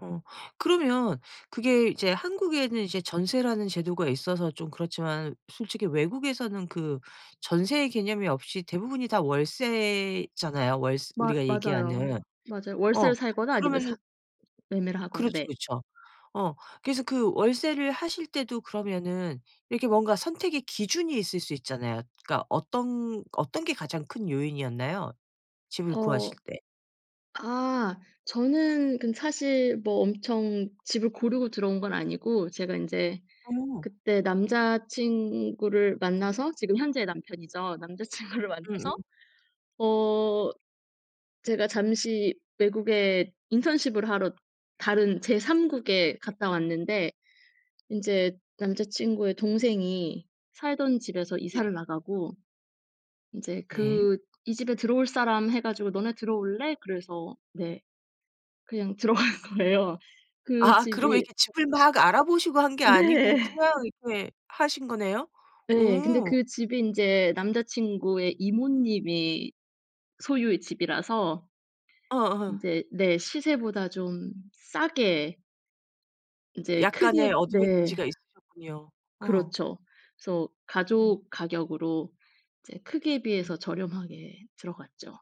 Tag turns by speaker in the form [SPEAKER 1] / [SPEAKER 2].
[SPEAKER 1] 어 그러면 그게 이제 한국에는 이제 전세라는 제도가 있어서 좀 그렇지만 솔직히 외국에서는 그 전세의 개념이 없이 대부분이 다 월세잖아요. 월스
[SPEAKER 2] 맞
[SPEAKER 1] 우리가
[SPEAKER 2] 맞아요.
[SPEAKER 1] 얘기하는.
[SPEAKER 2] 맞아요.
[SPEAKER 1] 어
[SPEAKER 2] 월세를 살거나 아니면
[SPEAKER 1] 그러면은
[SPEAKER 2] 사 매매를 하거나.
[SPEAKER 1] 그렇죠
[SPEAKER 2] 네.
[SPEAKER 1] 그렇죠. 어 그래서 그 월세를 하실 때도 그러면은 이렇게 뭔가 선택의 기준이 있을 수 있잖아요. 그러니까 어떤 어떤 게 가장 큰 요인이었나요? 집을
[SPEAKER 2] 어
[SPEAKER 1] 구하실 때.
[SPEAKER 2] 아 저는 그 사실 뭐 엄청 집을 고르고 들어온 건 아니고 제가 인제
[SPEAKER 1] 어.
[SPEAKER 2] 그때 남자친구를 만나서 지금 현재의 남편이죠. 남자친구를 만나서
[SPEAKER 1] 응응.
[SPEAKER 2] 어 제가 잠시 외국에 인턴십을 하러 다른 제 3 국에 갔다 왔는데 인제 남자친구의 동생이 살던 집에서 이사를
[SPEAKER 1] 네.
[SPEAKER 2] 나가고 이제
[SPEAKER 1] 네.
[SPEAKER 2] 그 "이 집에 들어올 사람." 해 가지고 "너네 들어올래?" 그래서 "네." 그냥 들어간 거예요. 그
[SPEAKER 1] 아아 그러면
[SPEAKER 2] 집이
[SPEAKER 1] 이렇게 집을 막 알아보시고 한 게 아니고
[SPEAKER 2] 네.
[SPEAKER 1] 그냥 이렇게 하신 거네요?
[SPEAKER 2] 네. 근데
[SPEAKER 1] 오.
[SPEAKER 2] 그 집이 인제 남자친구의 이모님이 소유의 집이라서
[SPEAKER 1] 어어.
[SPEAKER 2] 인제 네. 시세보다 좀 싸게 인제
[SPEAKER 1] 약간의
[SPEAKER 2] 크게 네.
[SPEAKER 1] 어드밴티지가 있으셨군요. 어.
[SPEAKER 2] 그렇죠. 그래서
[SPEAKER 1] 어.
[SPEAKER 2] 가족 가격으로 이제 크기에
[SPEAKER 1] 어.
[SPEAKER 2] 비해서 저렴하게 들어갔죠.